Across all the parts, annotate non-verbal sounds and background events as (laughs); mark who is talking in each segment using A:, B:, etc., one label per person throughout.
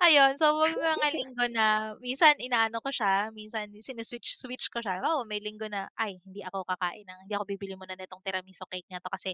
A: Ayun so may mga
B: (giggles)
A: linggo na minsan inaano ko siya, minsan sini-switch-switch ko siya, halimbawa may linggo na, "Ay hindi ako kakain ng hindi ako bibili muna nitong tiramisu cake na 'to kasi,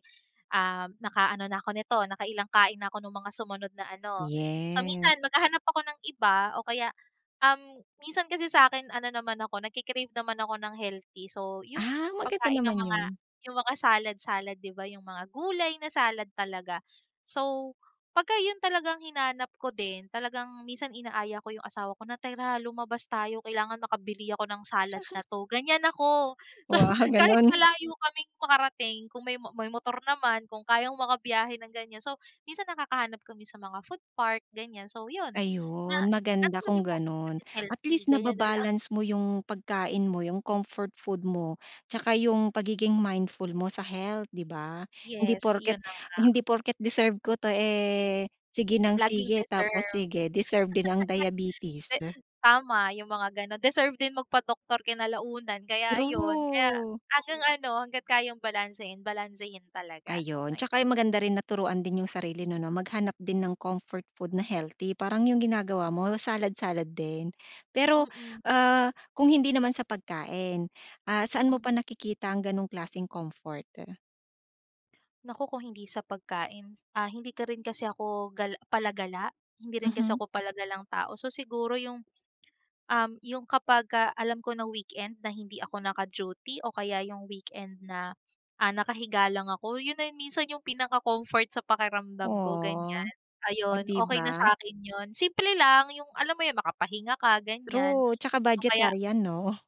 A: um, naka-ano na ako nito nakailang kain na ako nung mga sumunod na ano." So
B: Yes.
A: minsan maghahanap ako ng iba o kaya, um, minsan kasi sa akin ano naman ako nagke-crave naman ako ng healthy so yung,
B: Ah, maganda
A: pagkain ng
B: naman
A: mga
B: yun.
A: yung mga salad-salad 'di ba, yung mga gulay na salad talaga. So pagka yung talagang hinanap ko din, talagang minsan inaaya ko yung asawa ko na, "Tara lumabas tayo, kailangan makabili ako ng salad na 'to." Ganiyan ako, so
B: Wow,
A: kahit
B: ganun.
A: malayo kaming makarating kung may may motor naman, kung kayang maka-biyahe ng ganiyan so, minsan nakakahanap kami sa mga food park ganiyan so yun. Na
B: Ayun
A: at
B: maganda
A: sabi
B: kung
A: ko, "At
B: ganon,
A: least
B: at
A: healthy,"
B: least
A: ganiyan na lang.
B: naba-balance mo yung pagkain mo yung comfort food mo, 'tsaka yung pagiging mindful mo sa health 'di ba? Hindi
A: Yes
B: porket
A: yun na nga.
B: hindi porket deserve ko 'to, eh, sige ng
A: Laging
B: sige tapos
A: deserve,
B: sige deserve din ang diabetes.
A: (laughs) di tama, yung mga ganun deserve din magpa-doktor kinalaunan, kaya ayun kaya
B: True.
A: hanggang ano hangga't kayang balansehin, balansehin talaga,
B: Ayun,
A: ayan.
B: tsaka yung maganda rin na turuan din yung sarili 'no na maghanap din ng comfort food na healthy, parang yung ginagawa mo salad-salad din, pero,
A: Mm.
B: ah, kung hindi naman sa pagkain, ah, saan mo
A: Mm.
B: pa nakikita ang ganong klaseng comfort?
A: Naku kung hindi sa pagkain, ah, hindi ka rin kasi 'ko gal palagala, hindi rin kasi
B: Mhm.
A: ako palagalang tao so siguro yung, um, yung kapag ka alam ko na weekend na hindi ako naka-duty o kaya yung weekend na, ah, nakahiga lang ako, yun na minsan yung pinaka-comfort sa pakiramdam ko
B: Oh,
A: ganiyan.
B: oh
A: Ayun
B: 'di
A: okey na
B: ba?
A: sakin yun, simple lang yung alam mo yung makapahinga ka ganiyan
B: True 'tsaka
A: o kaya
B: budgetarian 'no?